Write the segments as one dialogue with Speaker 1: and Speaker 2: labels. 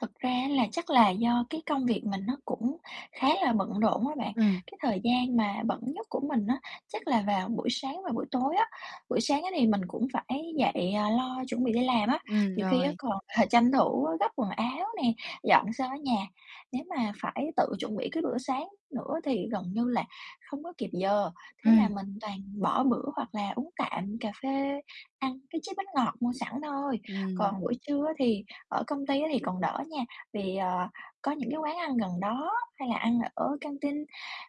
Speaker 1: Thật ra á là chắc là do cái công việc mình nó cũng khá là bận rộn á bạn.
Speaker 2: Ừm.
Speaker 1: Cái thời gian mà bận nhất của mình á chắc là vào buổi sáng và buổi tối á. Buổi sáng á, thì mình cũng phải dậy, à, lo chuẩn bị đi làm á,
Speaker 2: Ừm,
Speaker 1: nhiều khi á
Speaker 2: rồi.
Speaker 1: còn, ờ, tranh thủ gấp quần áo nè, dọn sơ cái nhà. Nếu mà phải tự chuẩn bị cái bữa sáng nữa thì gần như là hông có kịp giờ, thế là
Speaker 2: Ừm.
Speaker 1: mình toàn bỏ bữa hoặc là uống tạm cà phê, ăn cái chiếc bánh ngọt mua sẵn thôi.
Speaker 2: Ừm.
Speaker 1: Còn buổi trưa á, thì ở công ty á thì còn đỡ nha, vì, ờ, có những cái quán ăn gần đó hay là ăn ở căng tin,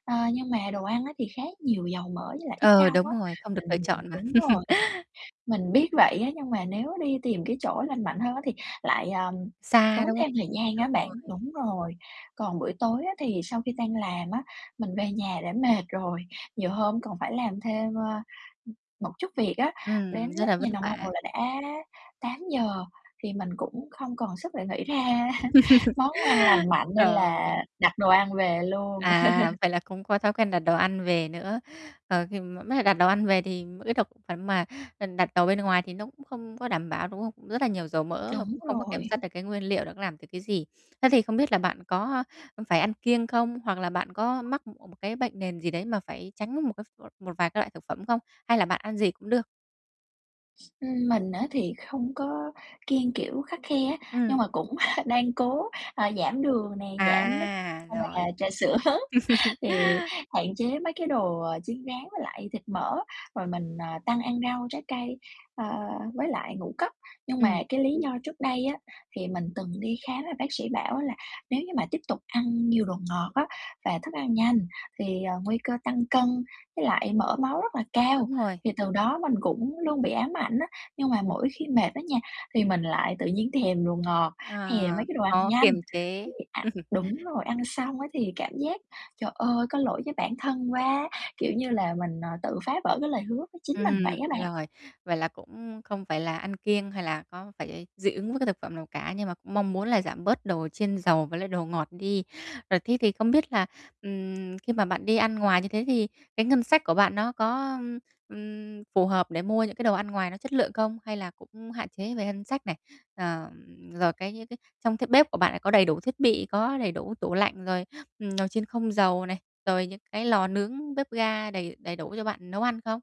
Speaker 1: ờ, nhưng mà đồ ăn á, thì khá nhiều dầu mỡ với lại ít
Speaker 2: Ừ,
Speaker 1: rau
Speaker 2: đúng
Speaker 1: á,
Speaker 2: rồi, không được lựa
Speaker 1: mình
Speaker 2: chọn mà.
Speaker 1: đúng rồi, mình biết vậy á, nhưng mà nếu đi tìm cái chỗ lành mạnh hơn á thì lại, ờm,
Speaker 2: Xa,
Speaker 1: tốn
Speaker 2: đúng không?
Speaker 1: thêm thời gian á
Speaker 2: Đúng
Speaker 1: bạn,
Speaker 2: rồi.
Speaker 1: đúng rồi. Còn buổi tối á thì sau khi đang làm á, mình về nhà đã mệt rồi, nhiều hôm còn phải làm thêm, ơ, ưm, một chút việc á, đến
Speaker 2: Ừm, rất
Speaker 1: lúc
Speaker 2: là vất
Speaker 1: nhìn đồng
Speaker 2: vả.
Speaker 1: hồ là đã 8:00, thì mình cũng không còn sức để nghĩ ra món ăn lành mạnh nên là
Speaker 2: Trời!
Speaker 1: đặt đồ ăn về luôn.
Speaker 2: À, vậy là cũng có thói quen đặt đồ ăn về nữa. Ờ, khi mà mới cả đặt đồ ăn về thì cái thực phẩm mà, ừm, đặt đồ bên ngoài thì nó cũng không có đảm bảo, đúng không? Rất là nhiều dầu mỡ và
Speaker 1: Đúng
Speaker 2: cũng không có kiểm soát
Speaker 1: rồi.
Speaker 2: được cái nguyên liệu nó làm được cái gì. Thế thì không biết là bạn có, a, ưm, phải ăn kiêng không? Hoặc là bạn có mắc, ưm, một cái bệnh nền gì đấy mà phải tránh một cái một một vài cái loại thực phẩm không? Hay là bạn ăn gì cũng được?
Speaker 1: Ừm, mình á thì không có kiêng kiểu khắt khe á, nhưng
Speaker 2: Ừm.
Speaker 1: mà cũng đang cố, ờ, giảm đường nè, giảm nước
Speaker 2: À,
Speaker 1: hay là
Speaker 2: rồi.
Speaker 1: trà sữa, thì hạn chế mấy cái đồ, ờ, chiên rán với lại thịt mỡ, rồi mình, ờ, tăng ăn rau, trái cây, ờ, với lại ngũ cốc. Nhưng mà
Speaker 2: Ừm.
Speaker 1: cái lý do trước đây á, thì mình từng đi khám là bác sĩ bảo á là "Nếu như mà tiếp tục ăn nhiều đồ ngọt á, và thức ăn nhanh thì, ờ, nguy cơ tăng cân với lại mỡ máu rất là cao."
Speaker 2: Đúng rồi.
Speaker 1: Thì từ đó mình cũng luôn bị ám ảnh á, nhưng mà mỗi khi mệt á nha, thì mình lại tự nhiên thèm đồ ngọt, thèm
Speaker 2: Ờ,
Speaker 1: mấy cái đồ ăn
Speaker 2: khó
Speaker 1: nhanh,
Speaker 2: kiềm chế.
Speaker 1: thì ạ đúng rồi, ăn xong á thì cảm giác, trời ơi, có lỗi với bản thân quá, kiểu như là, mình, à, tự phá vỡ cái lời hứa với chính mình vậy
Speaker 2: Ừm,
Speaker 1: á bạn.
Speaker 2: rồi, vậy là cũng không phải là ăn kiêng hay là có phải dị ứng với cái thực phẩm nào cả, nhưng mà cũng mong muốn là giảm bớt đồ chiên dầu với lại đồ ngọt đi. Rồi thế thì không biết là, ừm, khi mà bạn đi ăn ngoài như thế thì cái ngân sách của bạn nó có, ưm, ừm, phù hợp để mua những cái đồ ăn ngoài nó chất lượng không? Hay là cũng hạn chế về ngân sách này, ờm, rồi cái những cái trong bếp của bạn là có đầy đủ thiết bị, có đầy đủ tủ lạnh, rồi, ừm, nồi chiên không dầu này, rồi những cái lò nướng, bếp ga đầy đầy đủ cho bạn nấu ăn không?